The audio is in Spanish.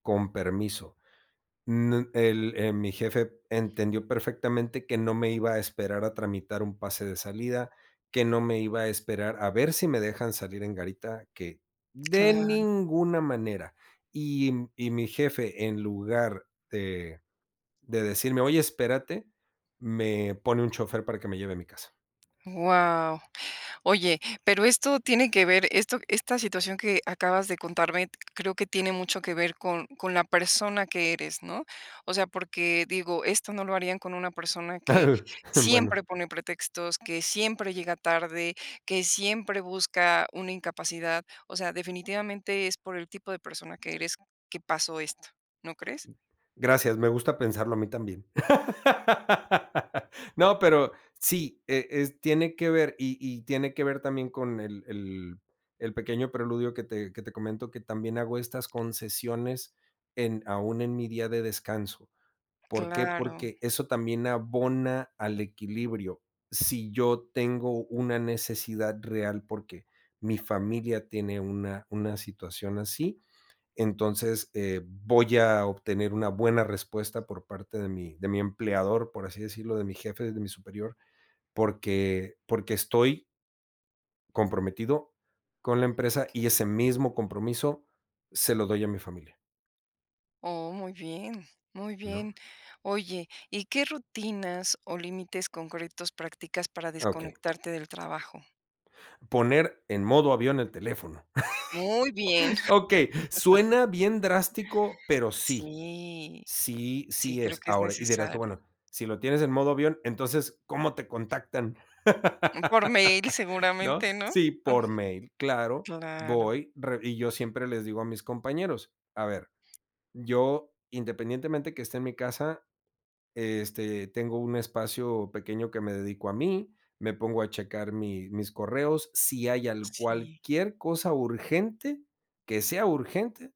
Con permiso. Nu el eh, mi jefe entendió perfectamente que no me iba a esperar a tramitar un pase de salida, que no me iba a esperar a ver si me dejan salir en garita que de Claro. ninguna manera. Y y mi jefe, en lugar de de decirme: "Oye, espérate," me pone un chofer para que me lleve a mi casa. Guau. Oye, pero esto tiene que ver, esto esta situación que acabas de contarme creo que tiene mucho que ver con con la persona que eres, ¿no? O sea, porque, digo, esto no lo harían con una persona que Bueno. siempre pone pretextos, que siempre llega tarde, que siempre busca una incapacidad. O sea, definitivamente es por el tipo de persona que eres que pasó esto, ¿no crees? Gracias, me gusta pensarlo a mí también. No, pero sí, eh eh, s tiene que ver. Y y tiene que ver también con el el el pequeño preludio que te que te comento, que también hago estas concesiones en aún en mi día de descanso. ¿Por qué? Claro. Porque eso también abona al equilibrio. Si yo tengo una necesidad real, porque mi familia tiene una una situación así, entonces, eh, voy a obtener una buena respuesta por parte de mi de mi empleador, por así decirlo, de mi jefe, de mi superior, porque porque estoy comprometido con la empresa, y ese mismo compromiso se lo doy a mi familia. Oh, muy bien, muy ¿No? bien. Oye, ¿y qué rutinas, o límites concretos practicas para Okey. desconectarte del trabajo? Poner en modo avión el teléfono. Muy bien. Okey. Suena bien drástico, pero sí. Sí. Sí, Sí, sí creo es que es Ahora, y dirás tú: necesario. "Bueno, si lo tienes en modo avión, entonces, ¿cómo te contactan?", Por mail ¿no? seguramente, ¿no? Sí, por mail. Claro. Claro. Voy, re y yo siempre les digo a mis compañeros: "A ver, yo, independientemente que esté en mi casa, este, tengo un espacio pequeño que me dedico a mí, me pongo a checar mi mis correos. Si hay al Sí. cualquier cosa urgente, que sea urgente"